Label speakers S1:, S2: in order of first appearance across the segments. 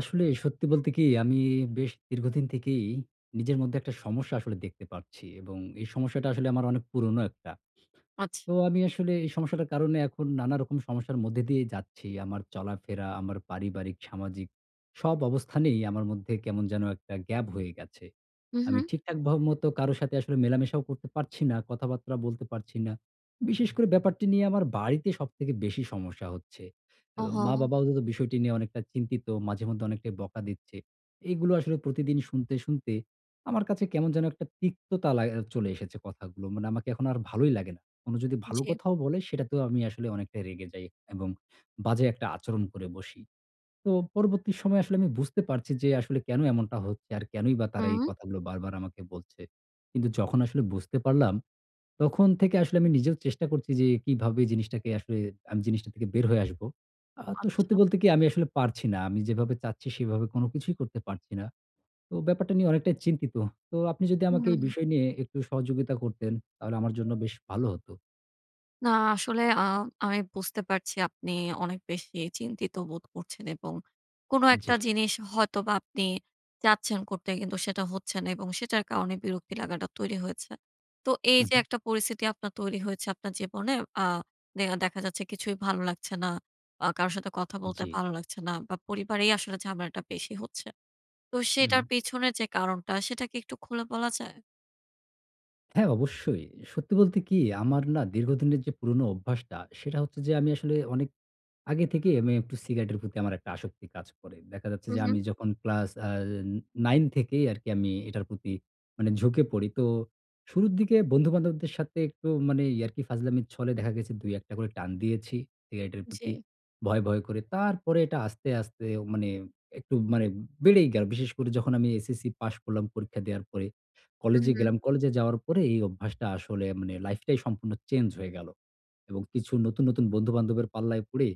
S1: আসলে সত্যি বলতে কি আমি বেশ দীর্ঘদিন থেকেই নিজের মধ্যে একটা সমস্যা আসলে দেখতে পারছি। এবং এই সমস্যাটা আসলে আমার অনেক পুরনো ১ টা। তো
S2: আচ্ছা।
S1: আমি আসলে এই সমস্যাটার কারণে এখন নানারকম সমস্যার মধ্যে দিয়েই যাচ্ছি। আমার চলাফেরা, আমার পারিবারিক, সামাজিক সব অবস্থানেই আমার মধ্যে কেমন যেন একটা গ্যাপ হয়ে গেছে।
S2: হুঁ,
S1: আমি
S2: হুঁ।
S1: ঠিকঠাক ভা মতো কারো সাথে আসলে মেলামেশাও করতে পারছি না, কথাবার্তা বলতে পারছি না। বিশেষ করে ব্যাপারটি নিয়ে আমার বাড়িতে সবথেকে বেশি সমস্যা হচ্ছে। অ্যা
S2: ওহো।
S1: মা-বাবাও এব বিষয়টি নিয়ে অনেকটা চিন্তিত, মাঝে মধ্যে অনেকটাই বকা দিচ্ছে। এইগুলো আসলে প্রতিদিন শুনতে, শুনতে আমার কাছে কেমন যেন একটা তিক্ততা লা এ চলে এসেছে কথাগুলো। মানে আমাকে এখন আর ভালোই লাগে না। কোনো যদি ভালো
S2: জ্বী
S1: কথাও বলে, সেটাতেও আমি আসলে অনেকটাই রেগে যাই এবং বাজে একটা আচরণ করে বসি। তো পরবর্তী সময়ে আসলে আমি বুঝতে পারছি যে আসলে কেন এমনটা হচ্ছে আর কেনই বা তারা এই
S2: হুম।
S1: কথাগুলো বারবার আমাকে বলছে। কিন্তু যখন আসলে বুঝতে পারলাম, তখন থেকে আসলে আমি নিজেও চেষ্টা করছি যে কিভাবে জিনিসটাকে আসলে আমি জিনিসটা থেকে বের হয়ে আসব। আ তো সত্যি
S2: আচ্ছা।
S1: বলতে কি আমি আসলে পারছি না। আমি যেভাবে চাচ্ছি সেভাবে কোন কিছুই করতে পারছি না। তো ব্যাপারটা নিয়ে অনেকটাই চিন্তিত। তো আপনি যদি আমাকে এই
S2: হুম।
S1: বিষয় নিয়ে একটু সহযোগিতা করতেন তাহলে আমার জন্য বেশ ভালো হতো।
S2: না আসলে আ আমি বুঝতে পারছি আপনি অনেক বেশি চিন্তিত বোধ করছেন এবং কোন একটা
S1: জি।
S2: জিনিস হয়তোবা আপনি চাচ্ছেন করতে কিন্তু সেটা হচ্ছে না এবং সেটার কারণে বিরক্তি লাগাটা তৈরি হয়েছে। তো, এই
S1: উহ,
S2: যে
S1: হুম।
S2: একটা পরিস্থিতি আপনার তৈরি হয়েছে আপনার জীবনে আ দেহা দেখা যাচ্ছে কিছুই ভালো লাগছে না আ কারো সাথে কথা বলতে
S1: জি।
S2: ভালো লাগছে না বা পরিবারেই আসলে ঝামেলাটা বেশি হচ্ছে। তো
S1: হুম।
S2: সেটার পেছনে যে কারণটা সেটা কী একটু খুলে বলা যায়?
S1: হ্যাঁ, অবশ্যই সত্যি বলতে কী? আমার না দীর্ঘদিনের যে পুরোনো অভ্যাসটা সেটা হচ্ছে যে আমি আসলে অনেক আগে থেকেই আমি একটু সিগারেটের প্রতি আমার একটা আসক্তি কাজ করে। দেখা যাচ্ছে
S2: হুম,
S1: যে
S2: হুম।
S1: আমি যখন ক্লাস অ্যা নাইন থেকেই আরকি আমি এটার প্রতি মানে ঝুঁকে পড়ি। তো, শুরুর দিকে বন্ধুবান্ধবদের সাথে একটু মানে ইয়াকি ফাজলামির ছলে দেখা গেছে দুই একটা করে টান দিয়েছি সিগারেটের প্রতি
S2: জি।
S1: ভয়, ভয় করে তারপরে এটা আস্তে, আস্তে মানে একটু মানে বেড়েই গেলো। বিশেষ করে যখন আমি এসএসসি পাস করলাম পরীক্ষা দেওয়ার পরে
S2: হুম,
S1: কলেজে
S2: হুম।
S1: গেলাম। কলেজে যাওয়ার পরে এই অভ্যাসটা আসলে মানে life টাই সম্পূর্ণ চেঞ্জ হয়ে গেল এবং কিছু নতুন, নতুন বন্ধু বান্ধবের পাল্লায় পড়ে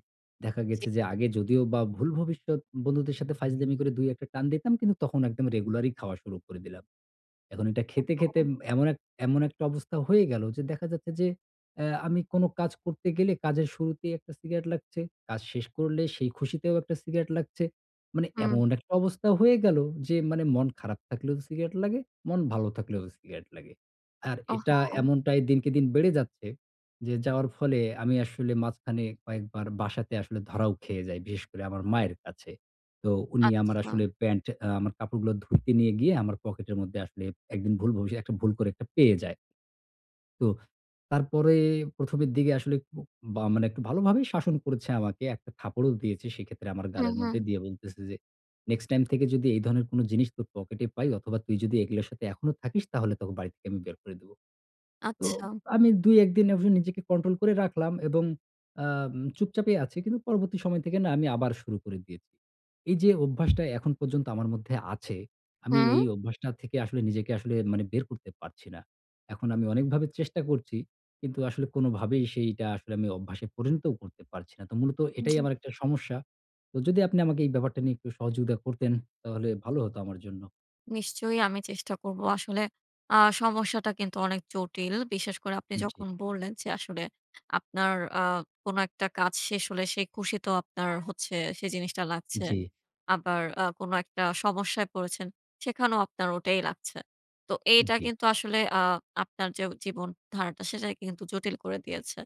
S1: দেখা
S2: জি।
S1: গেছে যে আগে যদিও বা ভুল ভবিষ্যত বন্ধুদের সাথে ফাইজলামি করে দুই একটা টান দিতাম কিন্তু তখন একদম রেগুলারই খাওয়া শুরু করে দিলাম। এখন এটা খেতে, খেতে
S2: ওহহো।
S1: ম এমন এক এমন একটা অবস্থা হয়ে গেলো যে দেখা যাচ্ছে যে অ্যা আমি কোন কাজ করতে গেলে কাজের শুরুতেই একটা সিগারেট লাগছে, কাজ শেষ করলে সেই খুশিতেও একটা সিগারেট লাগছে। মানে
S2: হুম।
S1: এমন একটা অবস্থা হয়ে গেল যে মানে মন খারাপ থাকলেও সিগারেট লাগে, মন ভালো থাকলেও সিগারেট লাগে। আর এটা
S2: ওহহো।
S1: এমনটাই দিনকে দিন বেড়ে যাচ্ছে যে যাওয়ার ফলে আমি আসলে মাঝখানে কয়েকবার বাসাতে আসলে ধরাও খেয়ে যাই, বিশেষ করে আমার মায়ের কাছে। তো উনি আমার
S2: আচ্ছা।
S1: আসলে প্যান্ট আ আমার কাপড়গুলো ধুইতে নিয়ে গিয়ে আমার পকেটের মধ্যে আসলে একদিন ভুল ভবিষ একটা ভুল করে একটা পেয়ে যায়। তো তারপরে ১ম এর দিকে আসলে কু বা মানে একটু ভালোভাবেই শাসন করেছে আমাকে একটা থাপ্পড়ো দিয়েছে সেক্ষেত্রে আমার
S2: হুম,
S1: গালের
S2: হুম।
S1: মধ্যে দিয়ে বলতেছে যে, "নেক্সট টাইম থেকে যদি এই ধরনের কোন জিনিস তোর পকেটে পাই অথবা তুই যদি এগুলোর সাথে এখনো থাকিস তাহলে তোকে বাড়ি থেকে আমি বের করে দিবো।" তো
S2: আচ্ছা।
S1: আমি দুই একদিন এভাবে নিজেকে control করে রাখলাম এবং আম চুপচাপই আছি কিন্তু পরবর্তী সময় থেকে না আমি আবার শুরু করে দিয়েছি। এই যে অভ্যাসটা এখন পর্যন্ত আমার মধ্যে আছে আমি
S2: হুম।
S1: এই অভ্যাসটা থেকে আসলে নিজেকে আসলে মানে বের করতে পারছি না। এখন আমি অনেকভাবে চেষ্টা করছি কিন্তু আসলে কোনভাবেই সেইটা আসলে আমি অভ্যাসে পরিণতও করতে পারছি না। তো মূলত এটাই
S2: জি।
S1: আমার একটা সমস্যা, তো যদি আপনি আমাকে এই ব্যাপারটা নিয়ে একটু সহযোগিতা করতেন তাহলে ভালো হতো আমার জন্য।
S2: নিশ্চয়ই আমি চেষ্টা করব। আসলে আ সমস্যাটা কিন্তু অনেক জটিল। বিশেষ করে আপনি
S1: উব জি।
S2: যখন বললেন যে আসলে আপনার আ কোন একটা কাজ শেষ হলে সে খুশিতেও আপনার হচ্ছে সেই জিনিসটা লাগছে।
S1: জি।
S2: আবার আ কোন একটা সমস্যায় পড়েছেন, সেখানেও আপনার ওটাই লাগছে। তো
S1: উম
S2: এইটা
S1: জি।
S2: কিন্তু আসলে আ আপনার যে জীবন ধারাটা সেটাকে কিন্তু জটিল করে দিয়েছে।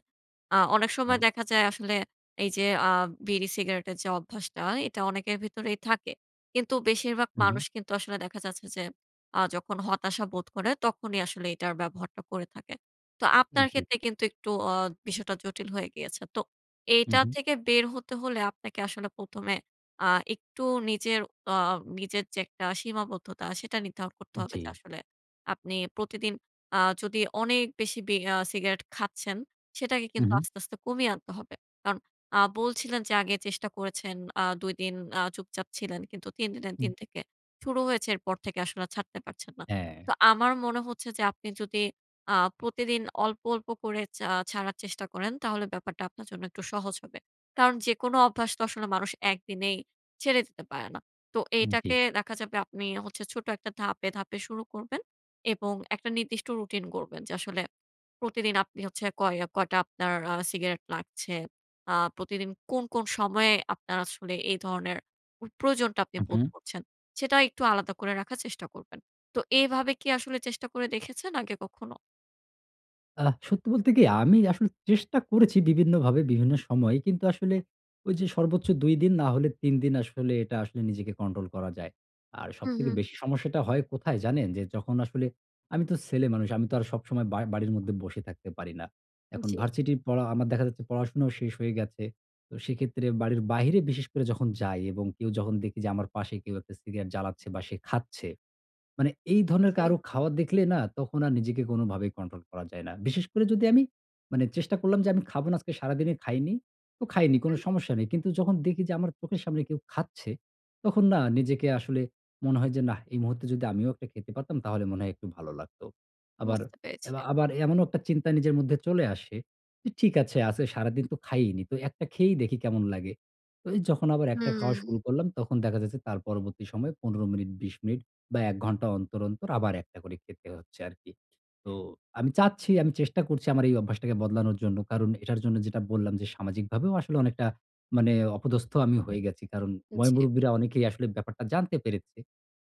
S2: আ অনেক সময়
S1: হ্যাঁ।
S2: দেখা যায় আসলে এই যে আ বিড়ি-সিগারেটের যে অভ্যাসটা, এটা অনেকের ভিতরেই থাকে। কিন্তু বেশিরভাগ
S1: হুম, হুম।
S2: মানুষ কিন্তু আসলে দেখা যাচ্ছে যে আ যখন হতাশা বোধ করে তখনই আসলে এটার ব্যবহারটা করে থাকে। তো
S1: হু,
S2: আপনার
S1: হু।
S2: ক্ষেত্রে কিন্তু একটু আ বিষয়টা জটিল হয়ে গিয়েছে। তো
S1: হুম,
S2: এইটা
S1: হুম।
S2: থেকে বের হতে হলে আপনাকে আসলে প্রথমে আ একটু নিজের অ নিজের যে একটা সীমাবদ্ধতা সেটা নির্ধারণ করতে
S1: উম
S2: হবে। যে
S1: জি।
S2: আসলে আপনি প্রতিদিন আ যদি অনেক বেশি বি আ সিগারেট খাচ্ছেন, সেটাকে
S1: হুম,
S2: কিন্তু
S1: হুম।
S2: আস্তে, আস্তে কমিয়ে আনতে হবে। কারণ আ বলছিলেন যে আগে চেষ্টা করেছেন আ ২ দিন আ চুপচাপ ছিলেন কিন্তু ৩ দিনের
S1: হুম।
S2: দিন থেকে শুরু হয়েছে। এর পর থেকে আসলে আর ছাড়তে পারছেন না।
S1: হ্যাঁ।
S2: তো আমার মনে হচ্ছে যে আপনি যদি আ প্রতিদিন অল্প, অল্প করে ছা ছাড়ার চেষ্টা করেন, তাহলে ব্যাপারটা আপনার জন্য একটু সহজ হবে। কারণ যেকোনো অভ্যাস তো আসলে মানুষ ১ দিনেই ছেড়ে দিতে পারে না। তো
S1: হুম, জি।
S2: এইটাকে দেখা যাবে আপনি হচ্ছে ছোট একটা ধাপে, ধাপে শুরু করবেন এবং একটা নির্দিষ্ট রুটিন করবেন। যে আসলে প্রতিদিন আপনি হচ্ছে কয় আ কয়টা আপনার আ সিগারেট লাগছে? আ প্রতিদিন কোন, কোন সময়ে আপনার আসলে এই ধরনের ওই প্রয়োজনটা আপনি
S1: হুম,
S2: বোধ
S1: হুম।
S2: করছেন? সেটা একটু আলাদা করে রাখার চেষ্টা করবেন। তো এভাবে কী আসলে চেষ্টা করে দেখেছেন আগে কখনো?
S1: আ সত্যি বলতে কি আমি আসলে চেষ্টা করেছি বিভিন্নভাবে, বিভিন্ন সময়ে, কিন্তু আসলে ঐ যে সর্বোচ্চ ২ দিন, না হলে ৩ দিন আসলে এটা আসলে নিজেকে control করা যায়। আর
S2: হুম,
S1: সবথেকে
S2: হুম।
S1: বেশি সমস্যাটা হয় কোথায় জানেন? যে যখন আসলে, আমি তো ছেলে মানুষ, আমি তো আর সবসময় বাড় বাড়ির মধ্যে বসে থাকতে পারি না। এখন
S2: জ্বী।
S1: varsity র পড়া, আমার দেখা যাচ্ছে পড়াশোনাও শেষ হয়ে গেছে। তো সেক্ষেত্রে বাড়ির বাইরে বিশেষ করে যখন যাই এবং কেউ যখন দেখি যে আমার পাশে কেউ একটা সিগারেট জ্বালাচ্ছে বা সে খাচ্ছে, মানে এই ধরনের
S2: জ্বী।
S1: কারো খাওয়া দেখলে না তখন আর নিজেকে কোনোভাবেই control করা যায় না। বিশেষ করে যদি আমি মানে চেষ্টা করলাম যে আমি খাবো না, আজকে সারাদিনে খাইনি। তো খাইনি
S2: হুম,
S1: কোন
S2: হুম।
S1: সমস্যা নেই। কিন্তু যখন দেখি যে আমার চোখের সামনে কেউ খাচ্ছে, তখন না নিজেকে আসলে মনে হয় যে, "নাহ এই মুহূর্তে যদি আমিও একটা খেতে পারতাম, তাহলে মনে হয় একটু ভালো লাগতো।" আবার,
S2: বুঝতে
S1: এ
S2: পেরেছি।
S1: আবার এমনও একটা চিন্তা নিজের মধ্যে চলে আসে, যে ঠিক আছে আছে সারাদিন তো খাইইনি, তো একটা খেয়েই দেখি কেমন লাগে। তো যখন আবার একটা খাওয়া
S2: হুম।
S1: শুরু করলাম, তখন দেখা যাচ্ছে তার পরবর্তী সময় ১৫ মিনিট, ২০ মিনিট বা ১ ঘন্টা অন্তর, অন্তর আবার একটা করে খেতে হচ্ছে আরকি। তো আমি চাচ্ছি, আমি চেষ্টা করছি আমার এই অভ্যাসটাকে বদলানোর জন্য, কারণ এটার জন্য যেটা বললাম যে সামাজিকভাবেও আসলে অনেকটা মানে অপদস্থ আমি হয়ে গেছি। কারণ
S2: জ্বী।
S1: ময়-মুরুব্বিরা অনেকেই আসলে ব্যাপারটা জানতে পেরেছে।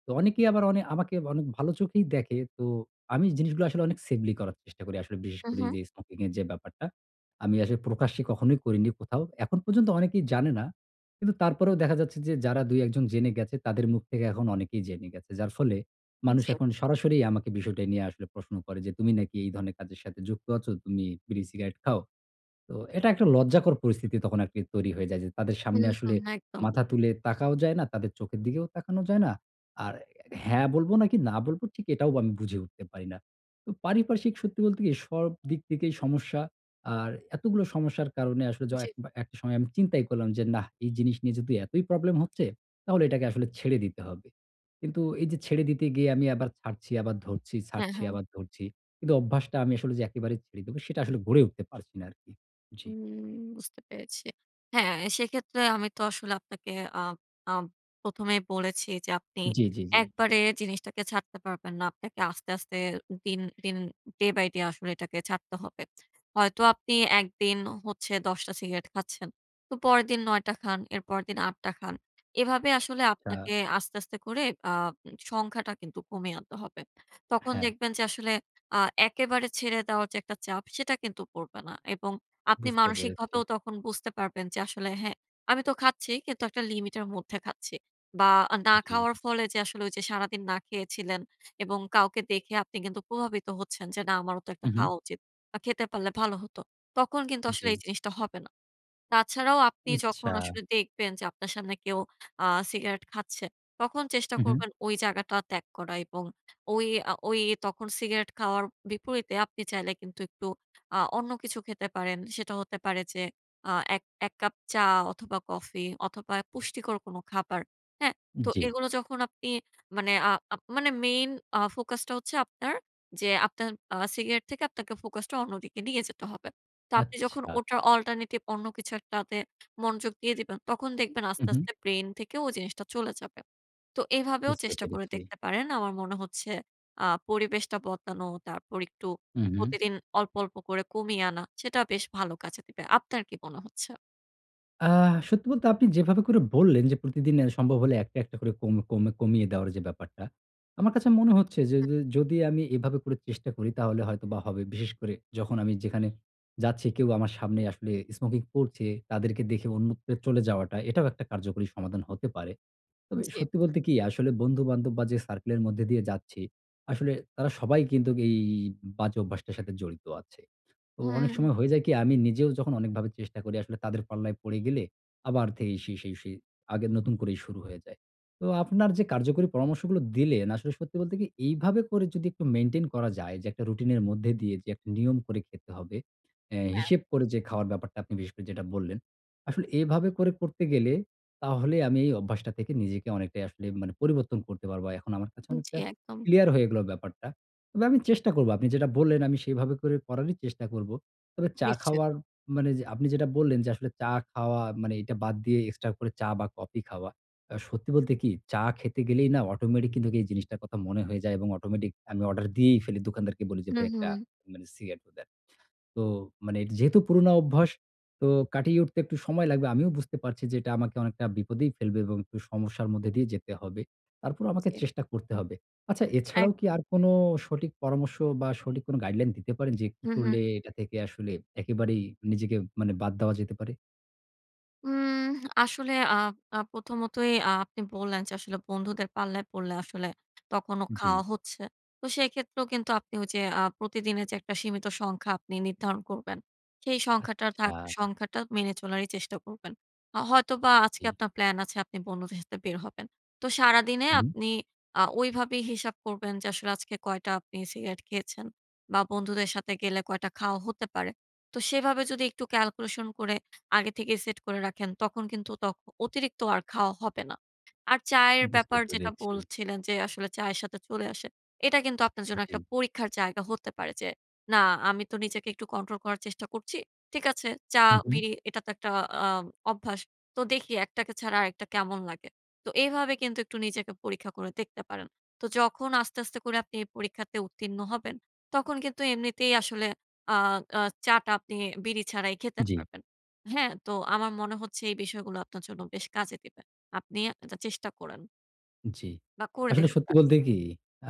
S1: তো অনেকেই আবার অনে আমাকে অনেক ভালো চোখেই দেখে, তো আমি জিনিসগুলো আসলে অনেক safely করার চেষ্টা করি আসলে বিশেষ
S2: হুম,
S1: করে
S2: হুম।
S1: যে smoking এর যে ব্যাপারটা আমি আসলে প্রকাশ্যে কখনোই করিনি কোথাও। এখন পর্যন্ত অনেকেই জানে না। কিন্তু তারপরেও দেখা যাচ্ছে যে যারা ২, ১ জন জেনে গেছে, তাদের মুখ থেকে এখন অনেকেই জেনে গেছে। যার ফলে
S2: হুম,
S1: মানুষ
S2: জ্বী।
S1: এখন সরাসরি আমাকে বিষয়টা নিয়ে আসলে প্রশ্ন করে, "যে তুমি নাকি এই ধরনের কাজের সাথে যুক্ত আছো? তুমি বিড়ি সিগারেট খাও?" তো এটা একটা লজ্জাকর পরিস্থিতি তখন আরকি তৈরি হয়ে যায় যে তাদের
S2: হুম,
S1: সামনে আসলে
S2: হুম, একদম।
S1: মাথা তুলে তাকাও যায় না, তাদের চোখের দিকেও তাকানো যায় না। আর হ্যাঁ বলবো নাকি না বলবো ঠিক এটাও আমি বুঝে উঠতে পারি না। পারিপার্শ্বিক সত্যি বলতে কি সব দিক থেকেই সমস্যা, আর এতগুলো সমস্যার কারণে আসলে য
S2: জ্বী।
S1: এক একটা সময় আমি চিন্তাই করলাম যে নাহ এই জিনিস নিয়ে যদি এতই প্রবলেম হচ্ছে, তাহলে এটাকে আসলে ছেড়ে দিতে হবে। কিন্তু এই যে ছেড়ে দিতে গিয়ে আমি আবার ছাড়ছি, আবার ধরছি,
S2: হ্যাঁ,
S1: ছাড়ছি
S2: হ্যাঁ।
S1: আবার ধরছি। কিন্তু অভ্যাসটা আমি আসলে যে একেবারে ছেড়ে দেবো, সেটা আসলে গড়ে উঠতে পারছি না আরকি। জ্বী।
S2: হুম বুঝতে পেরেছি। হ্যাঁ সেইক্ষেত্রে আমি তো আসলে আপনাকে আ আপ প্রথমেই বলেছি যে আপনি
S1: জ্বী, জ্বী, জ্বী।
S2: একবারে জিনিসটাকে ছাড়তে পারবেন না, আপনাকে আস্তে, আস্তে দিন, দিন, day by day আসলে এটাকে ছাড়তে হবে। হয়তো আপনি একদিন হচ্ছে ১০টা সিগারেট খাচ্ছেন। তো পরেরদিন ৯টা খান, এর পরের দিন ৮টা খান। এভাবে আসলে
S1: তা
S2: আপনাকে আস্তে, আস্তে করে আ সংখ্যাটা কিন্তু কমিয়ে আনতে হবে। তখন
S1: হ্যাঁ।
S2: দেখবেন যে আসলে আ একেবারে ছেড়ে দেওয়ার যে একটা চাপ, সেটা কিন্তু পড়বে না। এবং আপনি
S1: বুঝতে পেরেছি।
S2: মানসিকভাবেও তখন বুঝতে পারবেন যে আসলে "হ্যাঁ আমি তো খাচ্ছি কিন্তু একটা লিমিট এর মধ্যে খাচ্ছি।" বা না
S1: জ্বী।
S2: খাওয়ার ফলে যে আসলে ঐ যে সারাদিন না খেয়েছিলেন এবং কাউকে দেখে আপনি কিন্তু প্রভাবিত হচ্ছেন যে "না আমারও তো একটা
S1: হুম, হুম।
S2: খাওয়া উচিত, বা খেতে পারলে ভালো হতো।" তখন কিন্তু আসলে
S1: জ্বী।
S2: এই জিনিসটা হবে না। তাছাড়াও আপনি যখন
S1: আচ্ছা।
S2: আসলে দেখবেন যে আপনার সামনে কেউ আ সিগারেট খাচ্ছে, তখন চেষ্টা
S1: হুম, হুম।
S2: করবেন ঐ জায়গাটা ত্যাগ করা এবং তখন ঐ আ ঐ সিগারেট খাওয়ার বিপরীতে আপনি চাইলে কিন্তু একটু আ অন্য কিছু খেতে পারেন। সেটা হতে পারে যে আ এক এক কাপ চা অথবা কফি অথবা পুষ্টিকর কোনো খাবার, হ্যাঁ? তো
S1: জ্বী।
S2: এগুলো যখন আপনি মানে আ main focus টা হচ্ছে আপনার, যে আপনার আ সিগারেট থেকে আপনাকে focus টা অন্যদিকে নিয়ে যেতে হবে। তো আপনি যখন
S1: আচ্ছা।
S2: ওটার alternative অন্য কিছু একটা তে মনোযোগ দিয়ে দিবেন, তখন দেখবেন আস্তে,
S1: হুম, হুম।
S2: আস্তে ব্রেইন থেকে ও জিনিসটা চলে যাবে। তো এভাবেও
S1: বুঝতে
S2: চেষ্টা করে
S1: পেরেছি।
S2: দেখতে পারেন, আমার মনে হচ্ছে আ পরিবেশটা বদলানো, তারপর একটু
S1: হুম, হুম।
S2: প্রতিদিন অল্প, অল্প করে কমিয়ে আনা, সেটা বেশ ভালো কাজে দিবে। আপনার কি মনে হচ্ছে?
S1: আ সত্যি বলতে আপনি যেভাবে করে বললেন যে, প্রতিদিন অ্যা সম্ভব হলে একটা, একটা করে কম কম কমিয়ে দেওয়ার যে ব্যাপারটা। আমার কাছে মনে হচ্ছে যে যে যদি আমি এভাবে করে চেষ্টা করি তাহলে হয়তোবা হবে। বিশেষ করে যখন আমি যেখানে যাচ্ছি কেউ আমার সামনে আসলে স্মোকিং করছে, তাদেরকে দেখে অন্যত্রে চলে যাওয়াটা। এটাও একটা কার্যকরী সমাধান হতে পারে। তবে এ
S2: জি।
S1: সত্যি বলতে কী? আসলে বন্ধু-বান্ধব বা, যে সার্কেলের মধ্যে দিয়ে যাচ্ছি, আসলে তারা সবাই কিন্তুক এ এই বাজে অভ্যাসটার সাথে জড়িত আছে। তো অনেক
S2: হ্যাঁ।
S1: সময় হয়ে যায় কী? আমি নিজেও যখন অনেকভাবে চেষ্টা করি, আসলে তাদের পাল্লায় পড়ে গেলে আবার থেকেই সেই সেই সেই আগের নতুন করেই শুরু হয়ে যায়। তো আপনার যে কার্যকরী পরামর্শগুলো দিলেন, আসলে সত্যি বলতে কী? এইভাবে করে যদি একটু মেইনটেইন করা যায় যে, একটা রুটিনের মধ্যে দিয়ে যে একটা নিয়ম করে খেতে হবে, অ্যা
S2: হ্যাঁ।
S1: হিসেব করে যে খাওয়ার ব্যাপারটা, আপনি বিশেষ করে যেটা বললেন। আসলে এভাবে করে করতে গেলে তাহলে আমি এই অভ্যাসটা থেকে নিজেকে অনেকটাই আসলে এম মানে পরিবর্তন করতে পারবো। এখন আমার কাছে
S2: জি,
S1: অনেকটা
S2: একদম।
S1: ক্লিয়ার হয়ে গেল ব্যাপারটা। তবে আমি চেষ্টা করবো আপনি যেটা বললেন, আমি সেভাবে করে করারই চেষ্টা করবো। তবে চা
S2: নিশ্চয়।
S1: খাওয়ার মানে যে আপনি যেটা বললেন যে, আসলে চা খাওয়া মানে এটা বাদ দিয়ে এক্সট্রা করে চা বা, কফি খাওয়া। আ সত্যি বলতে কী? চা খেতে গেলেই না অটোমেটিক কিন্তুক এই জিনিসটার কথা মনে হয়ে যায় এবং অটোমেটিক আমি অর্ডার দিয়েই ফেলি। দোকানদারকে বলি যে
S2: হুম,
S1: ভাই একটা
S2: হুম।
S1: মানে সিগারেটও দেন। তো মানে যেহেতু পুরোনো অভ্যাস, তো কাটিয়ে উঠতে একটু সময় লাগবে। আমিও বুঝতে পারছি যে, এটা আমাকে অনেকটা বিপদেই ফেলবে এবং একটু সমস্যার মধ্যে দিয়েই যেতে হবে। তারপরও আমাকে
S2: জি।
S1: চেষ্টা করতে হবে। আচ্ছা, এছাড়াও কী
S2: একদম।
S1: আর কোন সঠিক পরামর্শ বা, সঠিক কোন গাইডলাইন দিতে পারেন? যে, কী
S2: হুম, হুম।
S1: করলে এটা থেকে আসলে একেবারেই নিজেকে মানে বাদ দেওয়া যেতে পারে?
S2: উম আসলে আ আ প্রথমতই আ আপনি বললেন যে, আসলে বন্ধুদের পাল্লায় পড়লে আসলে তখনো
S1: জ্বি।
S2: খাওয়া হচ্ছে। তো সেক্ষেত্রেও কিন্তু আপনি ওইযে আ প্রতিদিনের যে একটা সীমিত সংখ্যা আপনি নির্ধারণ করবেন। সেই সংখ্যাটার থাক
S1: আচ্ছা।
S2: সংখ্যাটা মেনে চলারই চেষ্টা করবেন। আ হয়তোবা
S1: জ্বি।
S2: আজকে আপনার প্ল্যান আছে আপনি বন্ধুদের সাথে বের হবেন। তো সারাদিনে
S1: উ হুম।
S2: আপনি আ ঐভাবেই হিসাব করবেন যে আসলে আজকে কয়টা আপনি সিগারেট খেয়েছেন, বা বন্ধুদের সাথে গেলে কয়টা খাওয়া হতে পারে। তো সেভাবে যদি একটু ক্যালকুলেশন করে আগে থেকেই সেট করে রাখেন, তখন কিন্তু ত অতিরিক্ত আর খাওয়া হবে না। আর চায়ের
S1: বুঝতে
S2: ব্যাপার যেটা
S1: পেরেছি।
S2: বলছিলেন যে আসলে চায়ের সাথে চলে আসে। এটা কিন্তু আপনার জন্য
S1: জ্বি।
S2: একটা পরীক্ষার জায়গা হতে পারে যে, "না আমি তো নিজেকে একটু কন্ট্রোল করার চেষ্টা করছি। ঠিক আছে
S1: হু, হু।
S2: চা-বিড়ি এটা তো একটা আ অভ্যাস। তো দেখি একটাকে ছাড়া আরেকটা কেমন লাগে?" তো এভাবে কিন্তু একটু নিজেকে পরীক্ষা করে দেখতে পারেন। তো যখন আস্তে, আস্তে করে আপনি এই পরীক্ষাতে উত্তীর্ণ হবেন, তখন কিন্তু এমনিতেই আসলে আ আ চা টা আপনি বিড়ি ছাড়াই খেতে
S1: জ্বি।
S2: পারবেন, হ্যাঁ? তো আমার মনে হচ্ছে এই বিষয়গুলো আপনার জন্য বেশ কাজে দিবে। আপনি আযা চেষ্টা করেন।
S1: উম জ্বি।
S2: বা করে
S1: আসলে
S2: দেখতে
S1: সত্যি
S2: পারেন।
S1: বলতে কী?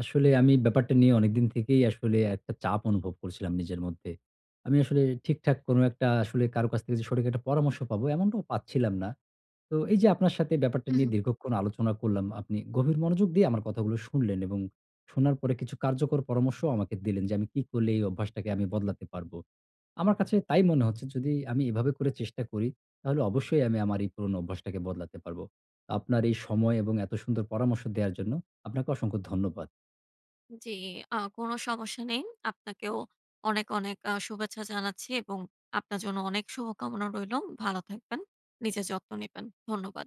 S1: আসলে আমি ব্যাপারটা নিয়ে অনেকদিন থেকেই আসলে একটা চাপ অনুভব করছিলাম নিজের মধ্যে। আমি আসলে ঠিকঠাক কোন একটা আসলে কারো কাছ থেকে যে সঠিক একটা পরামর্শ পাবো এমনটাও পাচ্ছিলাম না। তো এইযে আপনার সাথে ব্যাপারটা
S2: হু,
S1: নিয়ে
S2: হুম।
S1: দীর্ঘক্ষণ আলোচনা করলাম। আপনি গভীর মনোযোগ দিয়ে আমার কথাগুলো শুনলেন এবং শোনার পরে কিছু কার্যকর পরামর্শও আমাকে দিলেন যে আমি কি করলে এই অভ্যাসটাকে আমি বদলাতে পারবো। আমার কাছে তাই মনে হচ্ছে যদি আমি এভাবে করে চেষ্টা করি, তাহলে
S2: জি।
S1: অবশ্যই আমি আমার এই পুরোনো অভ্যাসটাকে বদলাতে পারবো। আপনার এই সময় এবং এত সুন্দর পরামর্শ দেওয়ার জন্য আপনাকে অসংখ্য ধন্যবাদ।
S2: উম জ্বি আ কোন সমস্যা নেই। আপনাকেও অনেক, অনেক আ শুভেচ্ছা জানাচ্ছি এবং আপনার জন্য অনেক শুভকামনা রইলো। ভালো থাকবেন, নিজের যত্ন নিবেন, ধন্যবাদ।